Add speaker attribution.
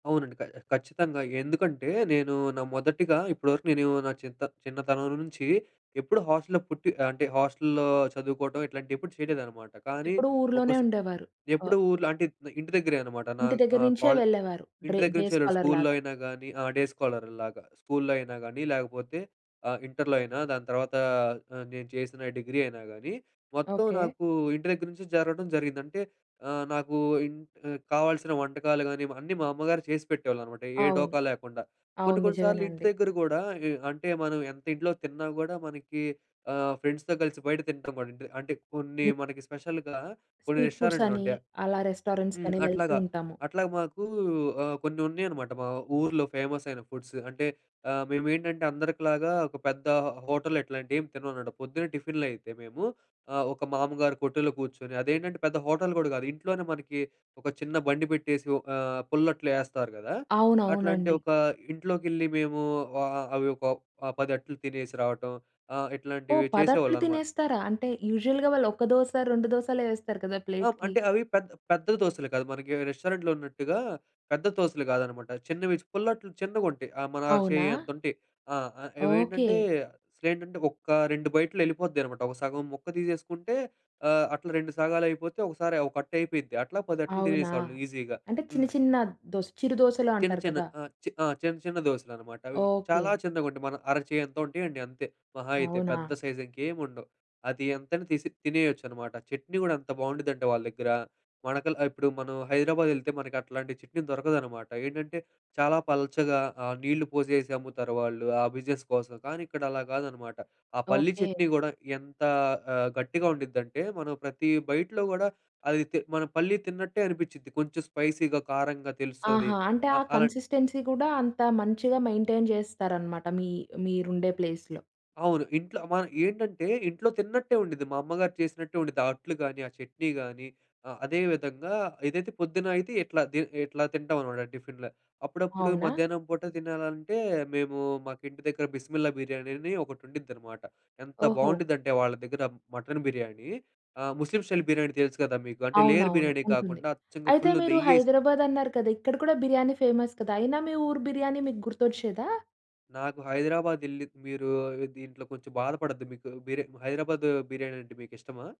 Speaker 1: అవునండి. క ఖచ్చితంగా ఎందుకంటే నేను నా మొదటిగా ఇప్పటి వరకు నేను నా చిన్నతన్ చిన్నతనం నుంచి ఎప్పుడు హాస్టల్లో పుట్టి అంటే, హాస్టల్లో చదువుకోటం ఇట్లాంటివి ఎప్పుడు చేయలేదనమాట. కానీ
Speaker 2: ఎప్పుడూ
Speaker 1: ఒక
Speaker 2: ఊర్లోనే
Speaker 1: స
Speaker 2: ఉండేవారు. అ
Speaker 1: ఎప్పుడూ ఊర్లో అంటే ఇంటి దగ్గరే అనమాట. నా
Speaker 2: ఇంటి దగ్గర
Speaker 1: ఆహ్,
Speaker 2: నుంచే
Speaker 1: కాలే
Speaker 2: వెళ్ళేవారు
Speaker 1: ఇంటి
Speaker 2: డ్రే
Speaker 1: దగ్గర
Speaker 2: డే
Speaker 1: నుంచి వెళ్ళుడు.
Speaker 2: స్కాలర్‌
Speaker 1: స్కూల్లో
Speaker 2: లాగా.
Speaker 1: అయినా గానీ, ఆ! డే స్కాలర్‌ లాగా స్కూల్లో అయినా గానీ, లేకపోతే ఆహ్, ఇంటర్‌లో అయినా దాని తర్వాత ఆహ్, నేను చేసిన డిగ్రీ అయినా గానీ, మొత్తం
Speaker 2: ఓకే.
Speaker 1: నాకు ఇంటి దగ్గర నుంచి జరగడం జరిగింది. అంటే ఆహ్, నాకు ఇంట్ కావాల్సిన వంటకాలు గానీ, అన్నీ మా అమ్మగారు చేసి పెట్టేవాళ్ళన్నమాట ఏ
Speaker 2: అవును.
Speaker 1: డోకా లేకుండా. కొన్ని
Speaker 2: అవును.
Speaker 1: కొన్ని సార్లు ఇంటి
Speaker 2: నిజమేనండి.
Speaker 1: దగ్గర గూడా ఏ అంటే మనం ఎంత ఇంట్లో తిన్నా గూడా మనకి ఆహ్, ఫ్రెండ్స్‌తో కలిసి బయట తినటం కూడా ఉంటది. అంటే కొన్ని
Speaker 2: ని
Speaker 1: మనకి స్పెషల్‌గా కొన్ని
Speaker 2: స్ట్రీట్
Speaker 1: రెస్టారెంట్‌లు
Speaker 2: ఫుడ్సని,
Speaker 1: ఉంటాయి.
Speaker 2: అలా
Speaker 1: హ్మ్.
Speaker 2: రెస్టారెంట్స్‌కని వెళ్తూ
Speaker 1: అట్లాగా,
Speaker 2: ఉంటాము.
Speaker 1: అట్లాగా మాకు ఆహ్, కొన్ని ఉన్నయనమాట మా ఊర్లో ఫేమస్ అయిన ఫుడ్స్. అంటే ఆహ్, మేమేంటంటే అందరికి లాగా ఒక పెద్ద హోటల్ ఇట్లాంటివి ఏం తినమనమాట. పొద్దున్నే టిఫిన్‌లు అయితే మేము ఆహ్, ఒక మామ్మగారి కొట్టులో కూర్చొని, అదేంటంటే పెద్ద హోటల్ కూడా గాదు. ఇంట్లోనే మనకి ఒక చిన్న బండి పెట్టేసి ఒక ఆహ్, పుల్లట్లు యేస్తారు గదా! అట్లాంటి
Speaker 2: అవునవునండి.
Speaker 1: ఒక ఇంట్లోకి యెళ్లి మేము ఆ ఆ అవొక ఆహ్, పదట్లు తినేసి రావటం, ఆహ్,
Speaker 2: ఓహ్!
Speaker 1: ఇట్లాంటివి
Speaker 2: పదట్లు
Speaker 1: చేసేవాళ్ళనమాట.
Speaker 2: తినేస్తారా? అంటే యూజువల్‌గా వాళ్ళు ఒక దోస రెండు దోసలే వేస్తారు కదా!
Speaker 1: ఆహ్,
Speaker 2: ప్లేట్‌కి.
Speaker 1: అంటే అవి పెద్ద, పెద్ద దోసలు కాదు. మనకి రెస్టారెంట్‌లో ఉన్నట్టుగా పెద్ద దోసలు కాదనమాట. చిన్నవి పుల్లట్లు చిన్నగుంటయి. ఆహ్, మన అర
Speaker 2: అవునా?
Speaker 1: చెయ్యంత ఉంటాయి. ఆహ్,
Speaker 2: ఓకే.
Speaker 1: ఇవేంటంటే అసలేంటంటే ఒక్క 2 బైట్‌లో యెళ్ళిపోద్దన్నమాట. ఒక సగం ముక్క తీసేసుకుంటే ఆహ్, అట్లా రెండు సగాలు అయిపోతే, ఒకసారి ఒకట్టు అయిపోయిద్ది. అట్లా పదట్లు
Speaker 2: అవునా?
Speaker 1: తినేసేవాళ్ళము ఈజీగా.
Speaker 2: అంటే చిన్న
Speaker 1: హ్మ్.
Speaker 2: చిన్న దోస్ చిరు దోసలు
Speaker 1: చిన్న
Speaker 2: అంటారు
Speaker 1: చిన్న
Speaker 2: కదా!
Speaker 1: ఆహ్, ఆ! చిన్న చిన్న దోసెలనమాట. అవి చాలా
Speaker 2: ఓకే.
Speaker 1: చిన్నగా ఉంటాయి. మన అరచేయంత ఉంటాయండి అంతే మహా అయితే.
Speaker 2: అవునా?
Speaker 1: పెద్ద సైజు ఇంకేం ఉండవు. అది ఎంతైనా తీసి తినేయొచ్చనమాట. చట్నీ గూడా అంత బావుండిద్దంటే వాళ్ళ దగ్గర, మనకల్ ఇప్పుడు మనం హైదరాబాద్ యెళ్తే మనకట్లాంటి చట్నీ దొరకదనమాట. ఏంటంటే చాలా పల్చగా ఆహ్, నీళ్ళు పోసేసి అమ్ముతారు వాళ్ళు ఆ బిజినెస్ కోసం. కానీ ఇక్కడ అలా గాదనమాట. ఆ పల్లి
Speaker 2: ఓకే.
Speaker 1: చట్నీ గూడా ఎంత ఆహ్, గట్టిగా ఉండిద్దంటే మనం ప్రతి బైట్‌లో గూడా అది తి మనం పల్లి తిన్నట్టే అనిపించుద్ది కొంచెం స్పైసీగా, కారంగా తెలుస్తది
Speaker 2: ఆహా! అంటే ఆ
Speaker 1: ఆహ్, అలా.
Speaker 2: కన్సిస్టెన్సీ కూడా అంత మంచిగా మెయిన్‌టైన్ చేస్తారన్నమాట మీ మీరుండే ప్లేస్‌లో.
Speaker 1: అవును. ఇంట్లో మన ఏంటంటే ఇంట్లో తిన్నట్టే ఉండుద్ది. మా అమ్మగారు చేసినట్టే ఉండుద్ది. ఆ అట్లు గానీ, ఆ చట్నీ గానీ ఆహ్, అదే విధంగా ఇదైతే పొద్దున్న అయితే ఇట్లా ది ఇట్లా తింటామనమాట టిఫిన్‌లు. అప్పుడప్పుడు
Speaker 2: అవునా?
Speaker 1: మధ్యాహ్నం పూట తినాలంటే, మేము మాకింటి దగ్గర బిస్మిల్లా బిర్యానీ అని ఒకటి ఉండిద్దనమాట. ఎంత
Speaker 2: ఓహో!
Speaker 1: బావుండిద్దంటే వాళ్ళ దగ్గర మటన్ బిర్యానీ ఆహ్, ముస్లిం స్టైల్ బిర్యానీ తెలుసు గదా! మీకు అంటే లేయర్
Speaker 2: అవునవును
Speaker 1: బిర్యానీ
Speaker 2: ఉంటుంది.
Speaker 1: కాకుండా అచ్చంగా
Speaker 2: అయితే
Speaker 1: ఫుల్లు
Speaker 2: మీరు
Speaker 1: నెయ్యేసి
Speaker 2: హైదరాబాద్ అన్నారు కదా! ఇక్కడ కూడా బిర్యానీ ఫేమస్ కదా! అయినా మీ ఊరు బిర్యానీ మీకు గుర్తొచ్చేదా?
Speaker 1: నాకు హైదరాబాద్ యెళ్లి మీరు దీంట్లో కొంచెం బాధపడొద్దు, మీకు బిర్ హైదరాబాదు బిర్యానీ అంటే మీకిష్టమా?